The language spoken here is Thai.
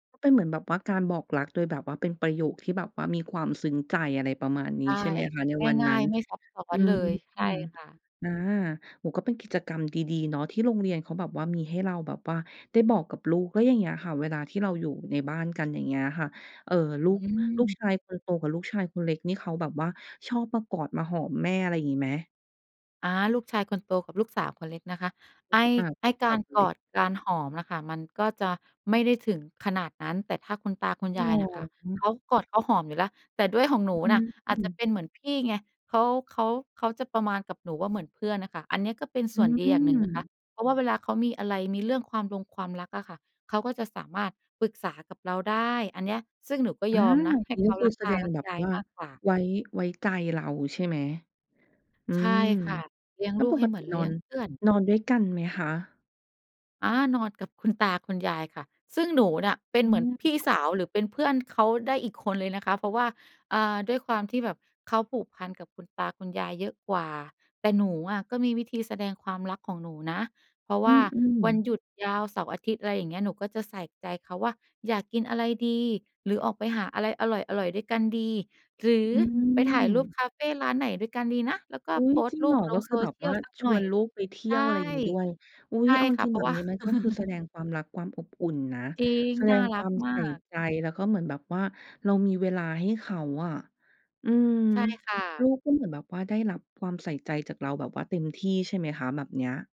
ก็เป็นเหมือนแบบว่าการบอกรักโดยแบบว่าเป็นประโยคที่แบบว่ามีความซึ้งใจ อะไรประมาณนใี้ ช่ ใช่ไหมคะ ในวันง่นัา้ย น ๆ ไม่ซับซ้ออืนเลม ย ใช่ค่ะ อา โอ้โฮ ก็เป็นกิจกรรมดี ๆ เนาะ ที่โรงเรียนเขาแบบว่ามีให้เราแบบว่าได้บอกกับลูก แล้วอย่างเงี้ยค่ะเวลาที่เราอยู่ในบ้านกัน อย่างเงี้ยค่ะ เอ่อ ลอูืก ลูกชม ายคนโตกับลูกชายคนเล็กนี่เขาแบบว่าชอบมากอด มาหอมแม่ อะไรอย่างงี้ไหม? อา ลูกชายคนโตกับลูกสาวคนเล็กนะคะ รไูอ้้ สึก อา ไอ้กสาาวรคนกเล็อก ด การหอมอะค่ะ มันก็จะไม่ได้ถึงขนาดนั้น แต่ถ้าคุณตา คุณจริยงเาหรยน่ะค่ะ เอ? ขากอดเขาหอมอยู่แล้ว แต่ด้วยของหนอูน่ืะอาจจะม เป็นเหมือนพี่ไง เขา เขา เขาจะประมาณกับหนูว่าเหมือนเพื่อนอะค่ะ อันเนี้ยก็เป็นอสื่วนดีอย่างหนึ่งนะคม ะ เพราะว่าเวลาเขามีอะไร มีเรื่องความรงความรักอะค่ะ เขาก็จะสามารถปรึกษากับเราได้ อันเนี้ย ซึ่งหนูก็อยา อมนะ ใหอั้นนี้เขก็าคืรอักแสตา ดงรักแบบยาย ว่ามากกว่า ไว้ ไว้ใจเรา ใช่ไหม อืใช่ม ค่ะ เลี้ยงแล้ลวูกปใหก้เหตมืิอนเนลีอ้ยงน เพื่อน นอนด้วยกันไหมคะ? อา นอนกับคุณตาคุณยายค่ะ ซึ่งหนูเนี่ยเป็นอืเหมือนม พี่สาว หรือเป็นเพื่อนเขาได้อีกคนเลยนะคะ เพราะว่า อ่า ด้วยความที่แบบเขาผูกพันกับคุณตาคุณยายเยอะกว่า แต่หนูอะก็มีวิธีแสดงความรักของหนูนะ เพราะอวื่าม วันๆ หยุดยาวเสาร์-อาทิตย์ อะไรอย่างเงี้ย หนูก็จะใส่ใจเขาว่า "อยากกินอะไรดี หรือออกไปหาอะไรอร่อย ๆ ด้วยกันดี หรืออืไปถ่ายรูปม คาเฟร้านไหนด้วยกันดีนะ?" แล้วก็อุ๊โพย สตจร์ิงรูเหรปอ? ลกง็คโซือแบเบชีวย่าลสักชหน่วอนย ลูกไปเทีใช่ย่ ว อะไรอย่างงี้ด้วย อุ๊ใชย ่เอาจค่ะ ริเง พๆ รแาบะบว่า นี้มันก็คือแสดงความรัก ความอบอุ่นนะ จริง แสดน่างรคัวากมมใาส่ก ใจ แล้วก็เหมือนแบบว่าเรามีเวลาให้เขาอะ อืม ใช่ค่ะ ลูกก็เหมือนแบบว่าได้รับความใส่ใจจากเราแบบว่าเต็มที่ใช่ไหมคะ? แบบเนี้ย